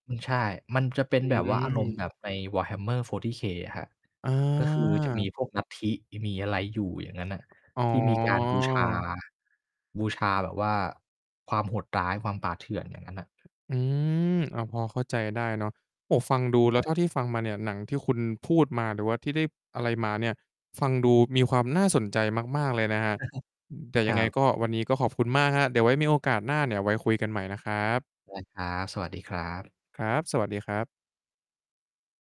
อือ ใช่ มันจะเป็นอืแบบว่า อารมณม ์แบบใน Warhammer 40K อะครับ อก็คือจะา มีพวกลัทธิ มีอะไรอยู่อย่างงั้นน่ะ อ๋ที่มีการบูชา อ บูชาแบบว่าความโหดร้าย ความป่าเถื่อน อย่างงั้นน่ะ อืม อา พอเข้าใจได้เนาะ โอ้โฮ ฟังดูแลใช้่ ว เท่าที่ฟังมาเนี่ย หนังที่คุณพูดมา หรือว่าที่ได้อะไรมาเนี่ย ฟังดูมีความน่าสนใจมาก ๆ เลยนะครับ อืม แต่คยัรงไงับ ก็วันนี้ก็ขอบคุณมากครับ เดี๋ยวไว้มีโอกาสหน้าเนี่ยไว้คุยกันใหม่นะครับ ได้ครับ สวัสดีครับ ครับ สวัสดีครับ